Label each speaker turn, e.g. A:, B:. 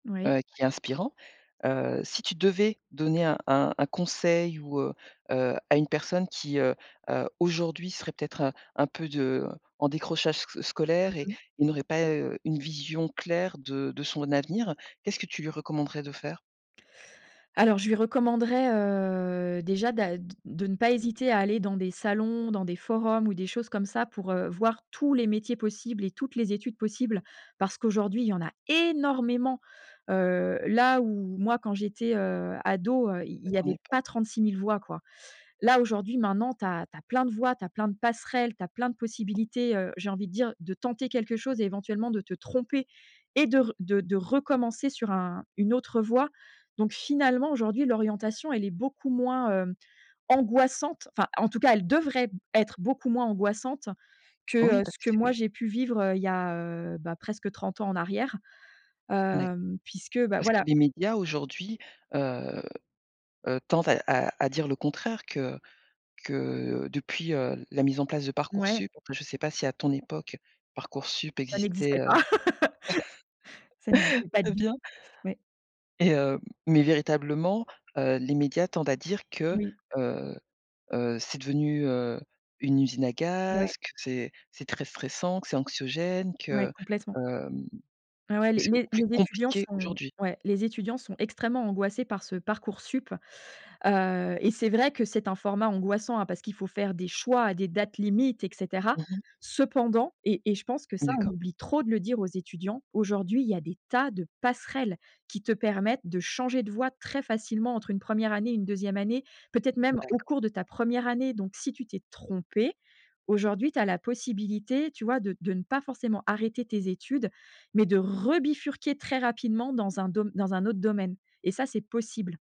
A: Oui.
B: heu, qui est inspirant. Heu, si tu devais, donner un un un conseil, ou heu heu, à une personne qui, heu heu, aujourd'hui serait peut-être, heu, un peu de heu, en décrochage s
A: Mmh
B: scolaire et
A: mh.
B: et n'aurait pas, heu, une vision claire de de son avenir, qu'est-ce que tu lui recommanderais de faire?
A: Alors, je lui recommanderais, heu, déjà, d'a d de ne pas hésiter à aller dans des salons, dans des forums ou des choses comme ça pour, heu, voir tous les métiers possibles et toutes les études possibles. Parce qu'aujourd'hui, il y en a, énormément. Heu, là, où moi, quand j'étais, heu, ado, heu, i i
B: À
A: il y
B: ton
A: avait
B: époque.
A: pas 36 000 voies, quoi. Là, aujourd'hui, maintenant, tu as tu as plein de voies, tu as plein de passerelles, tu as plein de possibilités, heu, j'ai envie de dire, de tenter quelque chose et éventuellement de te tromper et de r de de recommencer sur un une autre voie. Donc, finalement, aujourd'hui, l'orientation, elle est beaucoup moins, hem, angoissante. Enfin, en tout cas, elle devrait, être, beaucoup moins angoissante,
B: Oui
A: que, heu,
B: parce
A: ce
B: que
A: que moi
B: [unintelligible]
A: j'ai pu vivre, heu, il y a, heu, bah, presque 30 ans en arrière,
B: D'acc
A: hem, puisque, bah,
B: parce que
A: voilà
B: les médias, aujourd'hui, heu heu, tendent à à à dire le contraire, que que depuis, heu, la mise en place de
A: Mouais.
B: Parcoursup, enfin, je sais pas si à ton époque, Parcoursup
A: Ça
B: existait,
A: n'existait
B: heu
A: pas, ça n'existait pas
B: très
A: du
B: bien.
A: tout, ouais.
B: Et, heu, mais, véritablement, heu, les médias tendent à dire que,
A: Oui.
B: heu heu, c'est devenu, heu, une usine à
A: Ouais.
B: gaz, que c'est c'est très stressant, que c'est anxiogène
A: Ouais,
B: que,
A: complètement.
B: hem,
A: Ah, ouais,
B: que
A: les
B: c'est
A: les
B: beaucoup plus
A: les étudiants
B: compliqué
A: sont,
B: aujourd'hui.
A: ouais, les étudiants sont extrêmement angoissés par ce Parcoursup. Heu, et c'est vrai que c'est un format angoissant, hein, parce qu'il faut faire des choix à des dates limites, et cetera.
B: Mmh mh.
A: Cependant- et et je pense que ça, on
B: D'accord.
A: oublie trop de le dire aux étudiants- aujourd'hui, il y des tas de passerelles, qui te permettent de changer de voie très facilement entre une 1re année et une 2e année, peut-être même, au
B: D'accord.
A: cours de ta 1re année. Donc, si tu t'es trompé, aujourd'hui, tu as la possibilité, tu vois, de de ne pas forcément arrêter tes études, mais de rebifurquer très rapidement dans un dom dans un autre domaine. Et ça, c'est possible.